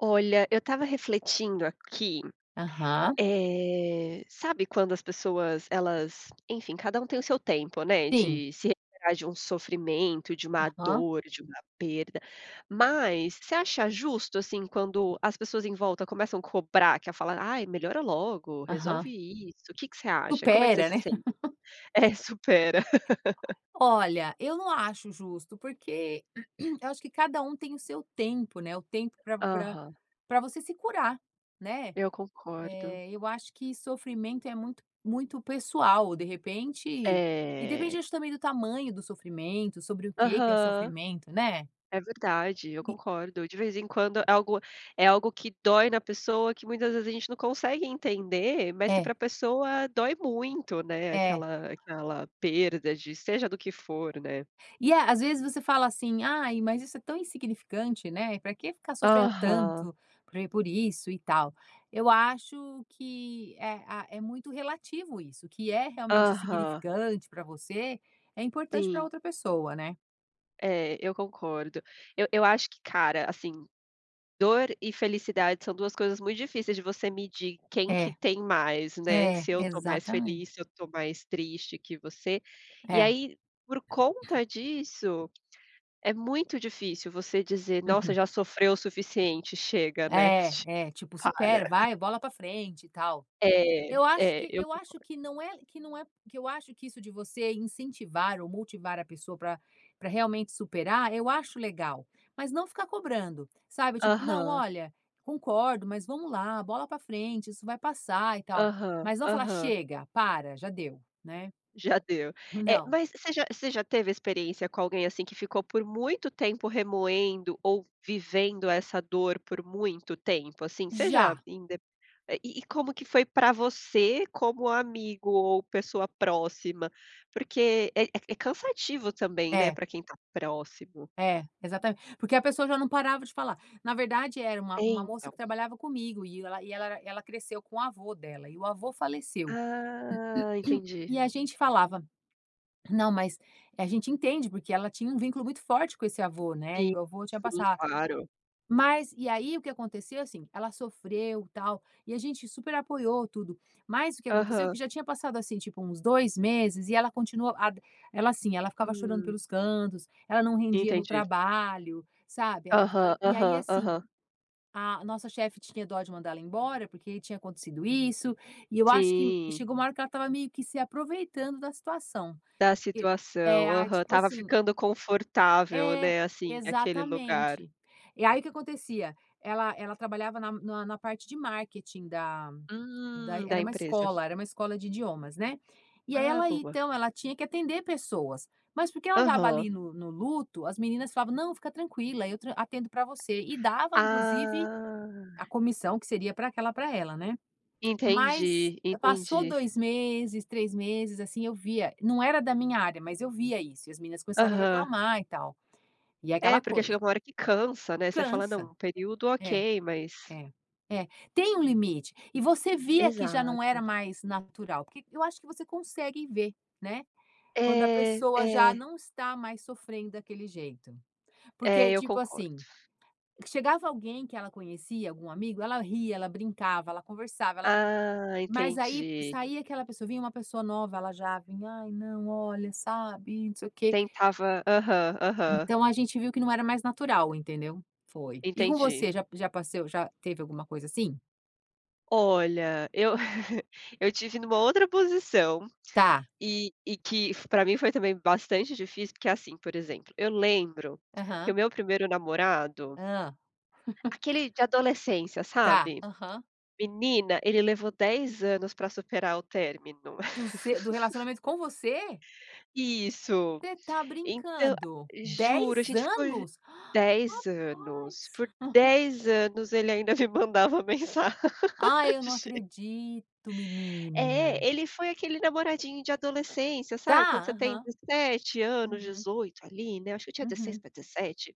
Olha, eu estava refletindo aqui, Aham. eh, sabe quando as pessoas elas enfim, cada um tem o seu tempo, né, Sim. de se recuperar de um sofrimento, de uma Aham. dor, de uma perda, mas você acha justo, assim, quando as pessoas em volta começam a cobrar que a fala: "Ai, melhora logo, resolve Aham. isso". O que que você acha? Como é que você Supera, se né? sente É, "supera". Olha, eu não acho justo, porque eu acho que cada um tem o seu tempo, né, o tempo pra pra Aham. pra você se curar, né? Eu concordo. Eh, eu acho que sofrimento é muito, muito pessoal. De repente e depende, É. acho também, do tamanho do sofrimento, sobre o que que é o Aham. sofrimento, né? É verdade, eu E concordo. De vez em quando, é algo é algo que dói na pessoa, que muitas vezes a gente não consegue entender, mas que É. pra pessoa dói muito, né, É. aquela aquela perda de seja do que for, né? E, à às vezes, você fala assim: "Ai, mas isso é tão insignificante, né, e pra que ficar sofrendo Aham. tanto por e por isso, e tal". Eu acho que é a é muito relativo isso, que é realmente Aham. insignificante pra você, é importante pra Sim. outra pessoa, né? É, eu concordo. Eu eu acho que, cara, assim, dor e felicidade são duas coisas muito difíceis de você medir quem que É. tem mais, né. É, Se eu tô mais feliz, exatamente. se eu tô mais triste que você. E É. aí, por conta disso, é muito difícil você dizer: "Nossa, Uhum. já sofreu o suficiente chega, né, che É, é. Tipo: para". "Supera, vai bola pra frente e tal". É, Eu acho é, que eu eu acho concordo. que não é que não é que eu acho que isso de você incentivar ou motivar a pessoa pra pra realmente superar, eu acho legal, mas não ficar cobrando. Sabe, tipo: "Não, Aham. olha, concordo, mas vamos lá, bola pra frente. Isso vai passar e tal". Aham, Mas vamos falar: aham. "Chega! Para, já deu!", né. Já deu. É, Não. mas você já você já teve experiência com alguém, assim, que ficou por muito tempo remoendo ou vivendo essa dor por muito tempo? Assim, você já Já. inde e e como que foi pra você como amigo ou pessoa próxima? Porque é é ca é cansativo também, né. É. Pra quem está próximo. É, exatamente. Porque a pessoa já não parava de falar. Na verdade, era uma É uma moça que então. trabalhava comigo. E ela e ela ela cresceu com o avô dela. E o avô faleceu Ah, entendi. e a gente falava não, mas a gente entende porque ela tinha um vínculo muito forte com esse avô, né. Sim, E o avô tinha sim, passa claro. Mas, e aí, o que aconteceu, assim, ela sofreu tal e a gente super apoiou tudo. Mas o que aconteceu, Aham. que já tinha passado, assim, tipo uns dois meses e ela continua a da ela, assim, ela ficava chorando Hum. pelos cantos. Ela não rendia no Entendi. trabalho, sabe, ela Aham, ficava E aí, aham, assim, aham. a nossa chefe tinha dó de mandar ela embora porque aí tinha acontecido isso. E eu acho que Sim. chegou uma hora que ela estava meio que se aproveitando da situação. Da E é situação. ah, Aham, tipo estava assim ficando confortável, É, né. Assim, aquele lugar. exatamente. E aí, o que acontecia, ela ela trabalhava na na parte de marketing da da e Hum, da era uma empresa. escola, era uma escola de idiomas, né. E, aí, Ah, ela boa. então ela tinha que atender pessoas, mas porque ela estava Aham. ali no no luto, as meninas falavam: "Não, fica tranquila, eu tran atendo para você". E dava, inclusive, Ah! a comissão, que seria para aquela para ela, né. Mas Entendi, passou entendi. 2 meses, 3 meses, assim, eu via não era da minha área, mas eu via isso. E as meninas começaram a Aham. reclamar e tal. E é É, aquela porque coisa. chega uma hora que cansa, né. Você fala: Cansa! "Não, um período, É, ok, mas" é, é. Tem um limite. E você via que já não era Exato. mais natural. Porque eu acho que você consegue ver, né. Quando a É, pessoa já é. não está mais sofrendo daquele jeito. É, Porque, eu tipo concordo. assim, que chegava alguém que ela conhecia algum amigo, ela ria, ela brincava, ela conversava, ela Ah, mas aí entendi. saía aquela pessoa, vinha uma pessoa nova, ela já vinha: "Aí, não, olha, sabe, não sei o quê". Tentava aham, aham. Então a gente viu que não era mais natural, entendeu. Foi. E com Entendi. você já já passou já teve alguma coisa assim? Olha, eu eu tive numa outra posição, Tá. e e que foi pra mim foi também bastante difícil, porque assim, por exemplo, eu lembro que o Aham. meu 1º namorado Hã. aquele de adolescência, Tá, sabe, aham. menina, ele levou 10 anos para superar o término. Do se do relacionamento com você? Isso Você está então brincando! juro, a 10 gente ju ficou anos, 10 anos por rapaz. 10 anos ele ainda me mandava mensagem. Ai, eu não acredito, menina! É, ele foi aquele namoradinho de adolescência, sabe quando Tá você tem aham. 17 anos, Uhum. 18 ali, né, acho que eu tinha 16 Uhum. pra 17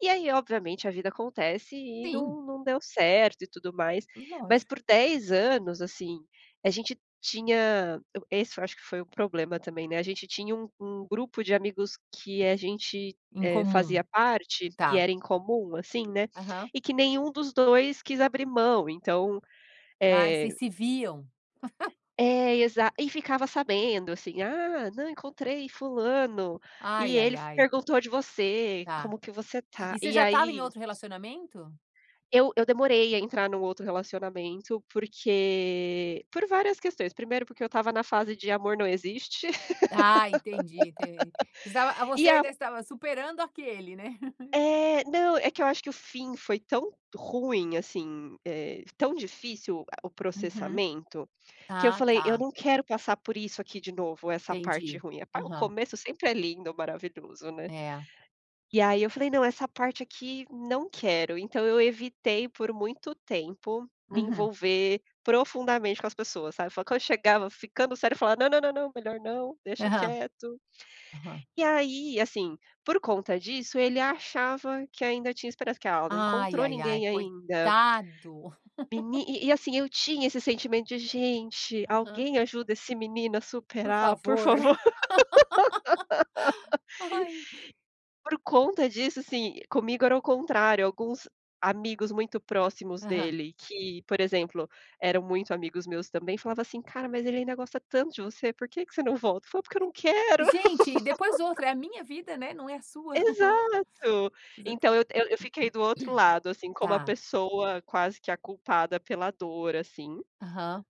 e aí, obviamente a vida acontece e Sim. não não deu certo e tudo mais, mas Lógico. por 10 anos, assim a gente tinha esse eu acho que foi o problema também, né, a gente tinha um um grupo de amigos que a gente Em eh, comum, fazia parte e tá. era em comum assim, né, Aham. e que nenhum dos 2 quis abrir mão, então Ah, vocês eh se viam. É exa e ficava sabendo, assim. Ah, não encontrei fulano e Ai ai ele ai. perguntou de você Tá como que você tá e você e já estava em aí outro relacionamento? Eu, eu demorei a entrar num outro relacionamento, porque por várias questões. Primeiro, porque eu estava na fase de amor não existe. Ah, entendi enten estava, E você a ainda estava superando aquele, né? É, não é que eu acho que o fim foi tão ruim, assim, eh tão difícil o Uhum. processamento que eu Ah falei, eu tá. não quero passar por isso aqui de novo, essa parte Entendi. ruim, é pa o Aham. começo sempre é lindo, maravilhoso, né. É. E aí eu falei, não, essa parte aqui não quero, então eu evitei por muito tempo me Uhum. envolver profundamente com as pessoas, sabe, eu falava quando eu chegava ficando sério, eu falava, não, não, não, não, melhor não deixa Aham. quieto. Aham. E aí, assim, por conta disso, ele achava que ainda tinha esperança, que "Ah, ela não Ai, encontrou ai, ai, ninguém ainda". coitado. Meni e e assim eu tinha esse sentimento de gente, Aham. alguém ajuda esse menino a Por superar por favor, favor. ai. Por conta disso, assim, comigo era o contrário, alguns amigos muito próximos Aham. dele, que por exemplo, eram muito amigos meus também, falava assim: "Cara, mas ele ainda gosta tanto de você, por que que você não volta, falo porque eu não quero". Gente, depois outra é a minha vida, né, não é a sua Exato, então exatamente. eu eu eu fiquei do outro lado, assim como a Tá. pessoa quase que a culpada pela dor assim. Aham.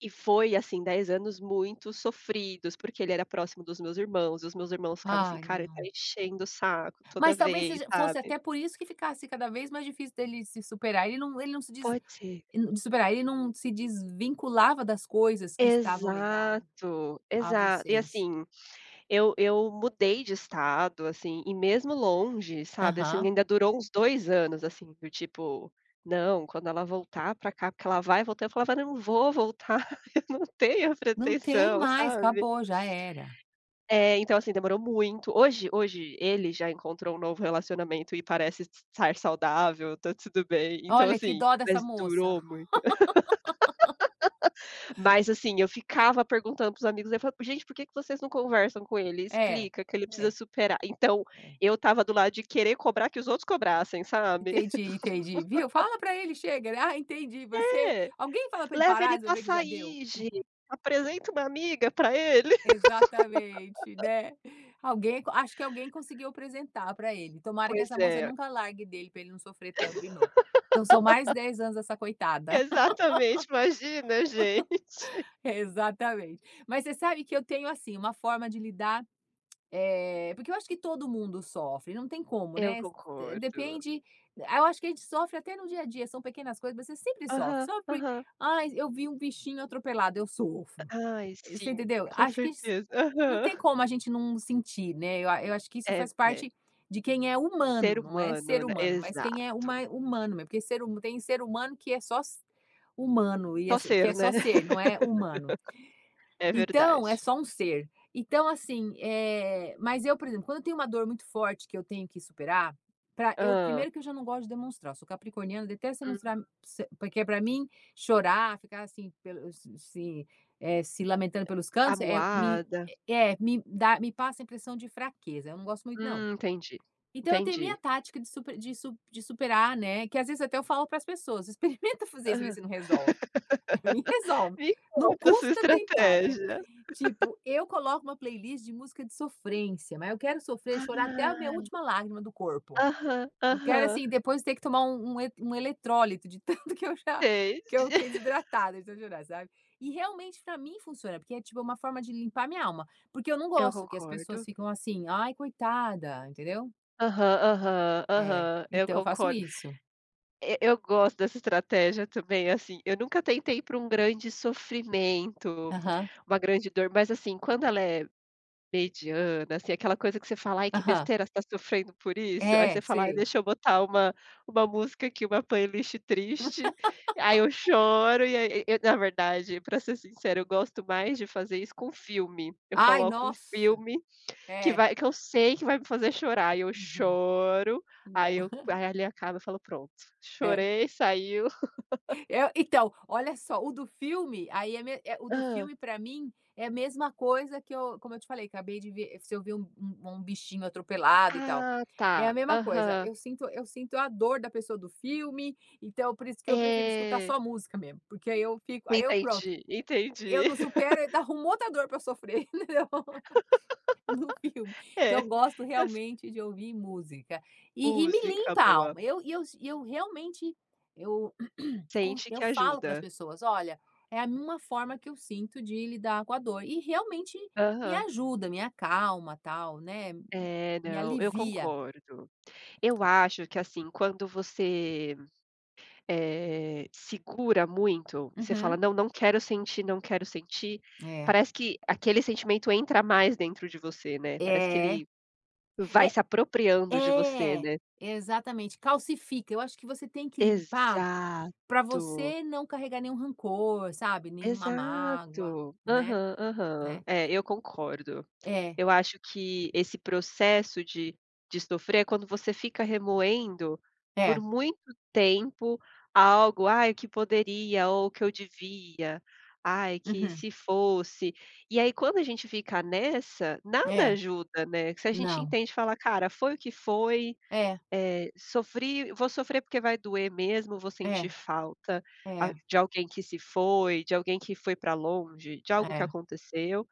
E foi assim 10 anos muito sofridos, porque ele era próximo dos meus irmãos e os meus irmãos ficavam assim: Ai "Cara, ele tá não. enchendo o saco toda Mas talvez vez", seja fosse sabe? até por isso que ficasse cada vez mais difícil dele se superar. Ele não ele não se dis Pode ser. de superar ele não se desvinculava das coisas que estavam ligadas Exato, a exato e vocês. assim eu eu mudei de estado assim e mesmo longe, sabe assim Aham. ainda durou uns 2 anos assim do tipo: "Não, quando ela voltar pra cá, porque ela vai voltar", eu falava: "Não vou voltar, eu não tenho a Não tem pretensão", mais, sabe. acabou, já era. É, então assim demorou muito hoje hoje ele já encontrou um novo relacionamento e parece estar saudável. Está tudo bem, então Olha que assim, dó dessa mas moça. durou muito. Mas assim, eu ficava perguntando para os amigos e aí eu falei: "Gente, por que que vocês não conversam com ele? É Explica que ele precisa é superar". Então é. eu estava do lado de querer cobrar que os outros cobrassem, sabe. Entendi, entendi, viu, fala para ele chega, ele, ah, entendi você É, alguém fala para ele leva parar, ele pra resolver que já deu. sair gente, apresenta uma amiga pra ele. Exatamente, né, alguém, acho que alguém conseguiu apresentar para ele. Tomara que Pois essa moça é. nunca largue dele pra ele não sofrer tanto de novo. Então são mais 10 anos essa coitada. Exatamente, imagina gente. Exatamente, mas você sabe que eu tenho, assim, uma forma de lidar, eh, porque eu acho que todo mundo sofre. Não tem como, Eu né, concordo. depende eu acho que a gente sofre até no dia a dia. São pequenas coisas mas você sempre sofre, Aham, só porque aham. ah, eu vi um bichinho atropelado, eu sofro. Ai Você sim, entendeu, com acho que a gen certeza, não aham. tem como a gente não sentir, né, eu a eu acho que isso É, faz é. parte de quem é Ser humano, não é humano, ser né, humano, mas quem é exato. huma humano, mesmo, por ser huma tem um ser humano, que é só se humano, e Só assim, que ser é né. só ser não é humano. É Então é verdade. só um ser. Então assim eh, mas eu, por exemplo, quando eu tenho uma dor muito forte que eu tenho que superar pra eu Hã? primeiro que eu já não gosto de demonstrar, eu sou capricorniana, detesto Hum. mostrar porque é para mim chorar, ficar assim pelos se eh se lamentando pelos cantos é me Amoada. é, me dá me passa a impressão de fraqueza. Eu não gosto muito, não. Hum, entendi, Então eu tenho a minha entendi. tática de super de su de superar, né, é que às vezes até eu falo para as pessoas experimenta fazer Ah, isso, ver se não resolve pra mim resolve, me não conta a sua custa tentar, né, estratégia. tipo eu coloco uma playlist de música de sofrência, mas eu quero sofrer e chorar até a minha Ai. última lágrima do corpo. Aham, Eu quero aham. assim, depois ter que tomar um um e um eletrólito de tanto que eu já Entendi. que eu fiquei desidratada de tanto chorar, sabe. E realmente pra mim funciona, porque é tipo uma forma de limpar a minha alma, porque eu não Eu gosto que as pessoas concordo. ficam assim, ai, coitada, entendeu. Aham. Aham. É, Aham. Eu então eu faço concord isso. Eh, eu gosto dessa estratégia também, assim, eu nunca tentei ir para um grande sofrimento, Aham. uma grande dor, mas assim, quando ela é mediana, assim, aquela coisa que você fala: "Ai, que Aham. besteira você está sofrendo por isso". Aí você É, fala: "Ai, sei. deixa eu botar uma uma música aqui, uma playlist triste.". Aí eu choro e aí, eh eh, na verdade, para ser sincera, eu gosto mais de fazer isso com filme. Eu Ai! coloco um Nossa! filme que É. vai que eu sei que vai me fazer chorar, e eu Uhum. choro, Não. aí eu aí ali acaba e eu falo: "Pronto, É. chorei, saiu.". Eh, então, olha só, o do filme, aí é me eh, o do Ah. filme, para mim, é a mesma coisa que eu, como eu te falei, acabei de ver se eu ver um um um bichinho atropelado, e tal, Ah, é a tá. mesma coisa. Aham. Eu sinto eu sinto a dor da pessoa do filme, então por isso que eu prefiro escutar É. só música mesmo, porque aí eu fico aí eu pronto, Entendi, eu entendi. não supero e ainda arrumo outra dor para eu sofrer, entendeu? No filme. É, Então, eu gosto eu sin realmente de ouvir música e e me Música limpa a boa. alma, eu e eu e eu realmente eu com Sente eu que falo para as ajuda. pessoas: "Olha, é a 1 forma que eu sinto de lidar com a dor.". E realmente me Aham. ajuda, me acalma, tal, né? É, Me não. Eu alivia. concordo. Eu acho que, assim, quando você, eh, segura muito, você fala: Uhum. "Não, não quero sentir, não quero sentir." É. Parece que aquele sentimento entra mais dentro de você, né, parece que É. ele vai Eh se apropriando de você, É. né? Exatamente, calcifica. Eu acho que você tem que limpar para Exato. você não carregar nenhum rancor, sabe, nenhuma mágoa. Exato. Né? Aham aham. Né? É, eu concordo. É. Eu acho que esse processo de de sofrer é quando você fica remoendo por É. muito tempo algo. "Ai, o que poderia?" Ou "O que eu devia? Ai, que Uhum. se fosse" E aí, quando a gente fica nessa, nada É. ajuda, né? Se a gente Não. entende e fala: "Cara, foi o que foi, É. eh, sofri, vou sofrer porque vai doer mesmo, vou É. sentir falta, ah, É. de alguém que se foi, de alguém que foi para longe, de algo que É. aconteceu".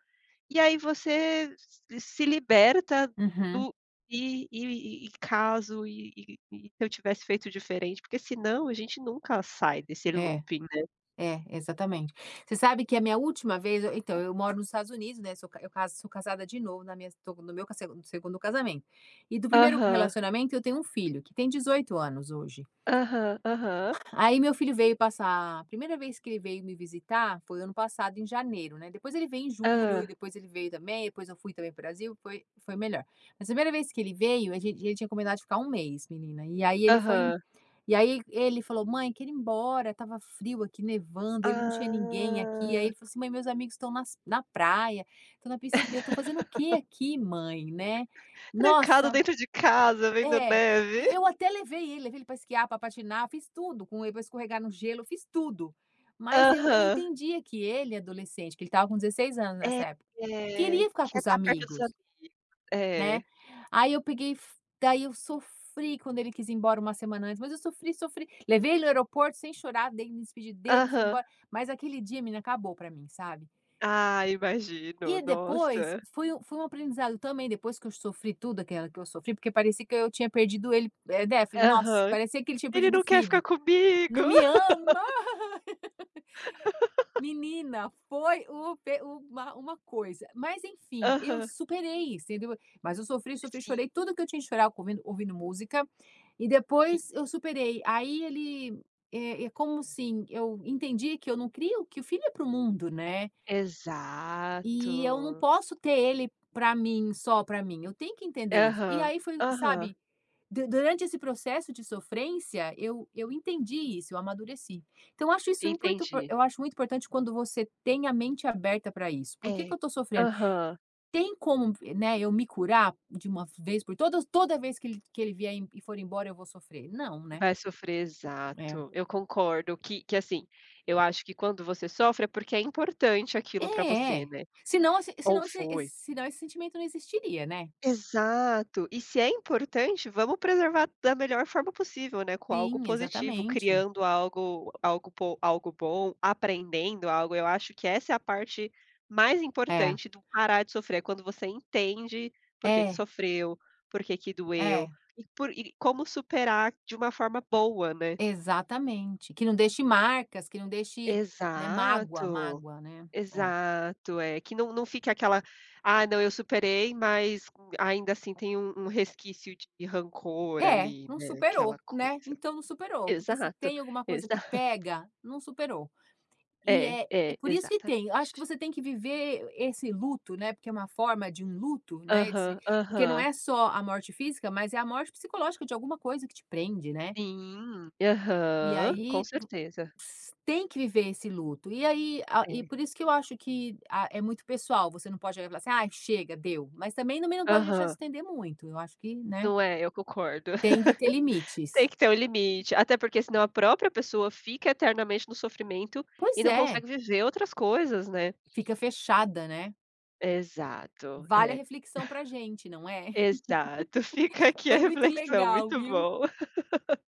E aí você se se se liberta Uhum. do e e e e caso e e "E se eu tivesse feito diferente?". Porque se não a gente nunca sai desse É. looping, né? É, exatamente. Você sabe que a minha última vez eu Eh, então eu moro nos Estados Unidos, né? Sou ca eu ca sou casada de novo na minha estou no meu segun 2º casamento. E do 1º Aham. relacionamento, eu tenho um filho, que tem 18 anos hoje. Aham. Aham. Aí meu filho veio passar A 1ª vez que ele veio me visitar foi ano passado, em janeiro, né? Depois ele veio em julho e Hã. depois ele veio também. Depois eu fui também pro Brasil. Foi foi melhor. Mas a 1ª vez que ele veio, a gente a gente tinha combinado de ficar 1 mês, menina, e aí ele foi em Aham. e aí e ele falou: "Mãe, quero ir embora." Estava frio aqui, nevando, ele não tinha ninguém aqui. Aí Ah. ele falou assim: "Mãe, meus amigos estão nas na praia, estão na piscina, eu estou fazendo o quê aqui, mãe?" Né? Trancado Nossa! dentro de casa, vendo É. neve. Eu até levei ele, levei ele pra esquiar, para patinar, fiz tudo com ele, para escorregar no gelo. Eu fiz tudo. Mas eu eu Aham. entendia que ele adolescente, porque ele estava com 16 anos É, nessa época, quer queria ficar com quer os estar perto dos amigos. amigos. Né? É. Aí eu peguei e fu daí eu sofri quando ele quis ir embora 1 semana antes, mas eu sofri, sofri, levei ele no aeroporto sem chorar, daí me despedi dele, fui Aham. embora. Mas aquele dia, menina, acabou para mim, sabe? Ah, imagino. E depois Nossa! foi um foi um aprendizado também. Depois que eu sofri tudo aquela que eu sofri, porque parecia que eu tinha perdido ele, eh, defi Nossa! Aham. Parecia que ele tinha "Ele perdido o não quer ficar filho. comigo!" "Não me ama!" Menina, foi o pe o uma uma coisa, mas enfim, eu Aham. superei isso, entendeu, mas eu sofri, sofri, Sim. chorei tudo o que eu tinha de chorar com ouvindo ouvindo música e Sim. depois eu superei. Aí ele, eh, é como assim, eu entendi que eu não crio que filho é para o mundo, né? E eu não Exato. posso ter ele para mim, só para mim. Eu tenho que entender isso. E Aham. aí foi um, Aham. sabe, du durante esse processo de sofrência, eu eu entendi isso, eu amadureci. Então, eu acho isso import. [unintelligible] Entendi. Eu acho muito importante quando você tem a mente aberta para isso: "Por que que É. eu estou sofrendo? Aham. Tem como vi né, eu me curar de uma vez por todas? Toda vez que ele que ele vier em e for embora eu vou sofrer?" Não, né? Vai sofrer. É. Exato. Eu concordo que que assim, eu acho que quando você sofre é porque é importante aquilo para É, você, é. né? Se não assi se Ou não esse esse foi. se não esse sentimento não existiria, né? Exato. E se é importante, vamos preservar da melhor forma possível, né, com algo Sim, positivo, exatamente. criando algo algo po algo bom, aprendendo algo. Eu acho que essa é a parte mais É. importante do parar de sofrer. É quando você entende por que que É. sofreu, por que que doeu É. e por e como superar de uma forma boa, né? Exatamente. Que não deixe marcas, que não deixe, né, mágoa Exato. mágoa, né? É. Exato, é. Que não não fique aquela: "Ah, não, eu superei." Mas ainda assim tem um um resquício de rancor É, ali, não né. Aquela superou, né? coisa. Então, não superou, porque se Exato. tem alguma coisa que Exato. pega, não superou e É, é é é. por isso que tem. Acho que Exatamente. você tem que viver esse luto, né, porque é uma forma de um luto, né, esse Aham. porque não Aham. é só a morte física, mas é a morte psicológica de alguma coisa que te prende, né? Sim. E Aham. Com aí vo certeza. tem que viver esse luto. E aí a e É. por isso que eu acho que, ah, é muito pessoal, você não pode falar assim: "Ai, chega, deu." Mas também não pode deixar se Aham. estender muito. Eu acho que Né? Não é, eu concordo. Tem que ter Tem limites. que ter um limite, até porque se não a própria pessoa fica eternamente no sofrimento e Pois não é. consegue viver outras coisas, né? Fica fechada, né? Exato. Vale a É. reflexão para a gente, não é? Exato, fica aqui a Foi muito reflexão. legal, Muito viu? bom.